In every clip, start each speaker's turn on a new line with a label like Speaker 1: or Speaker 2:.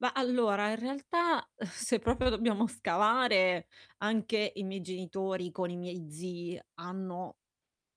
Speaker 1: Ma allora in realtà, se proprio lo dobbiamo scavare, anche i miei genitori con i miei zii hanno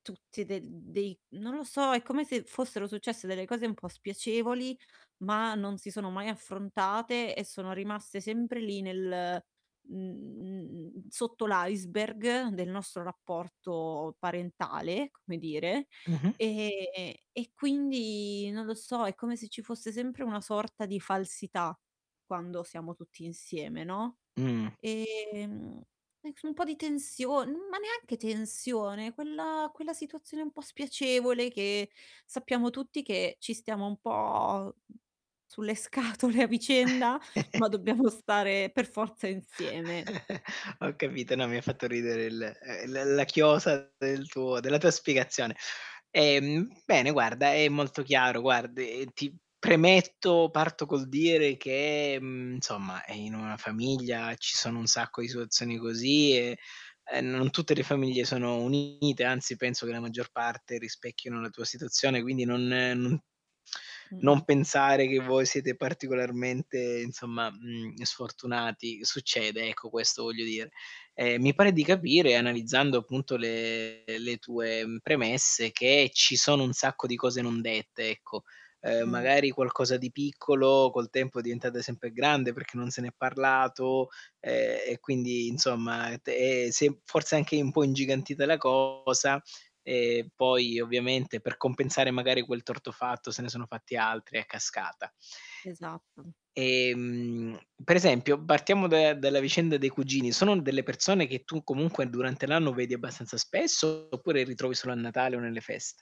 Speaker 1: tutti de d dei non lo so, è come se fossero successe delle cose un po' spiacevoli, ma non si sono mai affrontate e sono rimaste sempre lì nel mhmm, sotto l'iceberg del nostro rapporto parentale, come dire.
Speaker 2: Mh-mh.
Speaker 1: Ehm, e quindi non lo so, è come se ci fosse sempre una sorta di falsità quando siamo tutti insieme, no,
Speaker 2: Mh.
Speaker 1: ehm, e so un po' di tension ma neanche tensione, quella quella situazione un po' spiacevole che sappiamo tutti che ci stiamo un po' mhmm, sulle scatole a vicenda, ma dobbiamo stare per forza insieme.
Speaker 2: Ho capito, no mi ha fatto ridere il uhm, l la chiosa del tuo della tua spiegazione. Ehm, bene guarda, è molto chiaro, guard e ti premetto, parto col dire che, mhmm, insomma, ehm, in una famiglia ci sono un sacco di situazioni così e, uhm, non tutte le famiglie sono unite, anzi penso che la maggior parte rispecchino la tua situazione, quindi non non non
Speaker 1: Mh-mh.
Speaker 2: pensare che voi siete particolarmente, insomma, mhmm, sfortunati. Succede, ecco, questo voglio dire. Ehm, mi pare di capire, analizzando appunto le le tue premesse, mhmm, che ci sono un sacco di cose non dette, ecco. Uhm,
Speaker 1: Mh.
Speaker 2: magari, qualcosa di piccolo col tempo è diventata sempre grande perché non se n'è parlato, ehm, e quindi insomma, te si è forse anche un po' ingigantita la cosa. Ehm, poi ovviamente per compensare, magari, quel torto fatto se ne sono fatti altri a cascata.
Speaker 1: Esatto.
Speaker 2: Ehm, per esempio, partiamo da dalla vicenda dei cugini, sono delle persone che tu comunque durante l'anno vedi abbastanza spesso oppure li trovi solo a Natale o nelle feste?